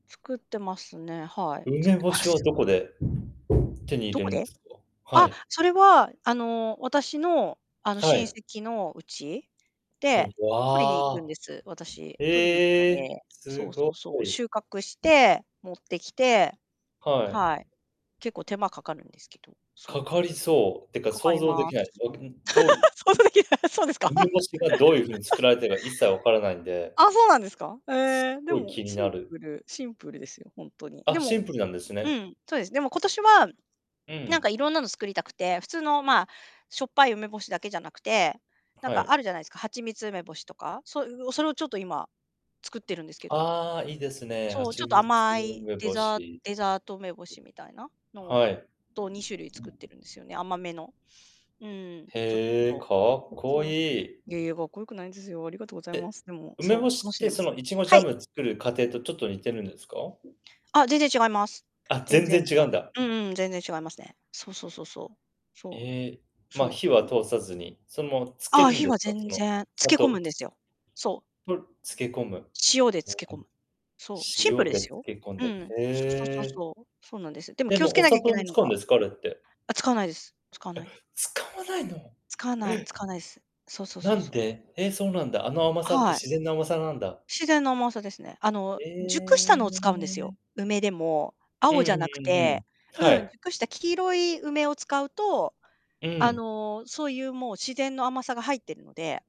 作ってますね、はい、作梅って干ましはす。どこで？手に入どれこるんでで？すか、あはっ、い。それはあの、私のあの、は親い。戚の家。うで、ん、取りに行わくんであ、す、私、取りに行くのへえ、で。すそうごそうそう、い。収穫して、持ってきて。はい。はい。結構手間かかるんですけど。そかう。かりそう、っていうかかか想り像でまきない、す。想像できない、そうですか。梅干しがどういう風に作 られているか一切分からないんで。あ、そうなんですか？へすえ、っでごいも、気にシなンる。プル、シンプルですよ、ほんとに。であ、もシンプルなんですうね。ん、そうです。でも今年は、うなんん。か色んなの作りたくて、普通のまあ、しょっぱい梅干しだけじゃなくて、なんはかい。あるじゃないですか、蜂蜜梅干しとか。そういうそれをちょっと今、作ってるんですけど。ああ、いいですね、そう、ちょ蜂っと蜜甘い梅デ干ザーし。デザート梅干しみたいな、のを、はい。と2種類作ってるんですよね、甘めの。うん、ちょっへえ、かと。っこそうそう。いい。いやいや、かっこよくないんですよ、ありがとうございまで、す。でも、梅そ干う、楽しっしんてでまそすのイチゴジはャい。ム作る過程とちょっと似てるんですか？あ、全然違いますあ、全全然然違違う。うんだ。うんうん、全然違いますね。そうそうそうそう。そええ、う。まあ、そ火はう。うん。通さずに、そのまま漬けああ、るん火ではすか？そ全の、然、つ砂け込糖むんですすよ。そう。と、漬け込む、へえ、塩で漬け込む。そう、シンプ塩ルでです漬よ。け込んうで、ん、へそうそうそうえ。そう、そうなんです。でもで気をつもけおなきゃ砂いけ糖なもいの使うんがですか？あれって。あ、使わないです使わない。え、使わないの？え。使わない使わないです。そうそうなそうんそう。で、え、そうなんだ、あの甘さってはい。自然の甘さなんだ？自然の甘さですね。あの、熟したえのを使うんですよ。え。梅でも、うんう青じゃなくんうんうて、ん。はうん、い。熟した黄色い梅を使うと、うあん。の、そういうもう自然の甘さが入っているので。